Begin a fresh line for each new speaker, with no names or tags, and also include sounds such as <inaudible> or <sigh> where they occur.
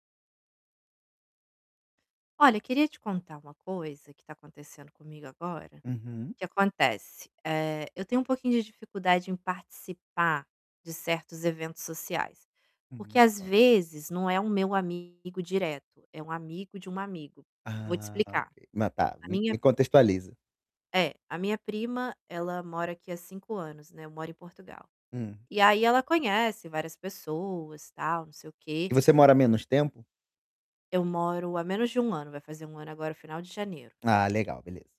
Olha, eu queria te contar uma coisa que tá acontecendo comigo agora.
Uhum.
O que acontece? Eh, eu tenho um pouquinho de dificuldade em participar de certos eventos sociais. Porque,
Hum.
às
<unintelligible>
vezes, não é o meu amigo direto; é um amigo de um amigo. Vou te
Ah, ok.
explicar.
Mas, tá,
A
me
minha
me contextualiza.
É, a minha prima, ela mora aqui há 5 anos, né. Eu moro em Portugal.
Hum.
E aí ela conhece várias pessoas, tal, não sei o quê.
E você a mora menos tempo?
Eu moro há menos de 1 ano. Vai fazer 1 ano agora, no final de janeiro.
Ah, legal, beleza.